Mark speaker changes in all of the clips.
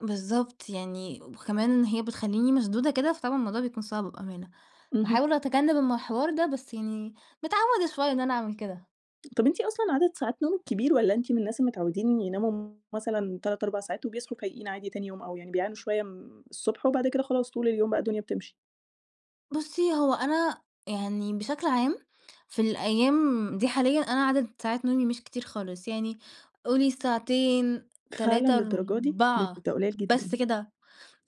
Speaker 1: بالضبط، يعني وكمان هي بتخلّيني مشدودة كده، فطبعًا الموضوع بيكُون صعب بأمانة.
Speaker 2: اهم.
Speaker 1: باحاول أتجنب الحوار ده، بس يعني متعودة شوية إن أنا أعمل كده.
Speaker 2: طَب أنتِ أصلًا عدد ساعات نومِك كبير والّا أنتِ من الناس المتعودين يناموا مثلًا 3، 4 ساعات وبيصحُوا فايقين عادي تاني يوم أو يعني بيعانوا شوية م الصبح وبعد كده خلاص طُول اليوم بقى الدنيا بتمشِي؟
Speaker 1: بُصي هو أنا يعني بشكل عام، في الأيام دي حاليًا أنا عدد ساعات نومي مش كتير خالص، يعني قولي ساعتين،
Speaker 2: فعلًا
Speaker 1: تلاتة،
Speaker 2: للدرجة دي؟ ده ك
Speaker 1: أربعة
Speaker 2: ده قليل
Speaker 1: بس
Speaker 2: جدًا.
Speaker 1: كده.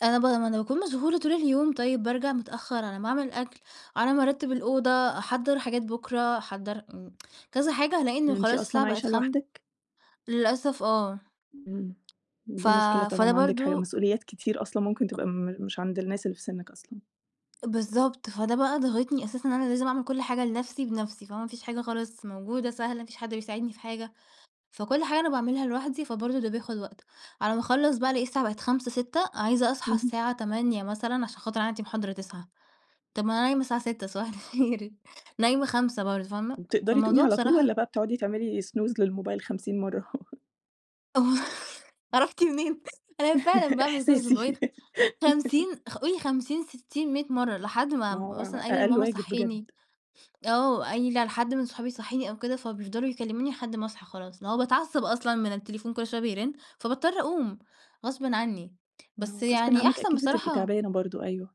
Speaker 1: أنا ب ما أنا باكُون مشغولة طُول اليوم طيب بارجَع متأخرعلى ما أعمل الأكل، على ما أرتب الأوضة، أحضّر حاجات بكرة، أحضّر م كذا حاجة، هالاقي إنه
Speaker 2: أنتِ
Speaker 1: خلاص الساعة
Speaker 2: أصلًا
Speaker 1: بقت
Speaker 2: عايشة
Speaker 1: خم
Speaker 2: لوحدِك؟
Speaker 1: للأسف آه.
Speaker 2: إمم،
Speaker 1: ف
Speaker 2: دي مشكلة
Speaker 1: فده
Speaker 2: طبعًا عندِك حاج
Speaker 1: برضه
Speaker 2: مسؤوليات كتير أصلًا ممكن تبقى م مش عند الناس اللي في سنِك أصلًا.
Speaker 1: بالضبط، فده بقى ضاغطني أساسًا إن أنا لازم أعمل كُلّ حاجة لنَفْسي بنَفْسي، فما فيش حاجة خالص موجودة سهلة، فيش حد بيساعدني في حاجة. فكُلّ حاجة أنا باعملها لوحدي، فبرضه ده بياخد وقت. على ما أخلّص بقى ألاقي الساعة بقت 17:00، 18:00، عايزة أصحى
Speaker 2: اهم.
Speaker 1: الساعة 08:00 مثلًا عشان خاطر عندي محاضرة 09:00. طَب ما أنا نايمة الساعة 06:00 صباح الخير نايمة 05:00 برضه، فاهمة؟
Speaker 2: بتقدَري تقومي
Speaker 1: فالموضوع
Speaker 2: على طُول والّا
Speaker 1: بصراحة
Speaker 2: بقى بتقعدي تعملي snooze للموبايل 50 مرّة؟
Speaker 1: عرفتِ منين؟ أنا فعلًا باعمل snooze للموبايل
Speaker 2: إحساسي.
Speaker 1: 50 خ قولي 50، 60، 100 مرّة لحد ما
Speaker 2: ما هو
Speaker 1: مثلًا
Speaker 2: ع
Speaker 1: قايلة
Speaker 2: أقل
Speaker 1: لماما
Speaker 2: واجب بجد.
Speaker 1: صحيني، أو قايلة لحد من صحابي صحيني أو كده، فبيفضَلوا يكلموني لحد ما أصحى خلاص. اللي هو باتعصب أصلًا من التليفون كُلّ شوية بيرن، فباضطر أقوم غصبٍ عني.
Speaker 2: ما
Speaker 1: بس
Speaker 2: هو غصبٍ
Speaker 1: يعني
Speaker 2: عنِك
Speaker 1: أحسن
Speaker 2: أكيد بتبقي
Speaker 1: بصراحة
Speaker 2: تعبانة برضه، أيوه.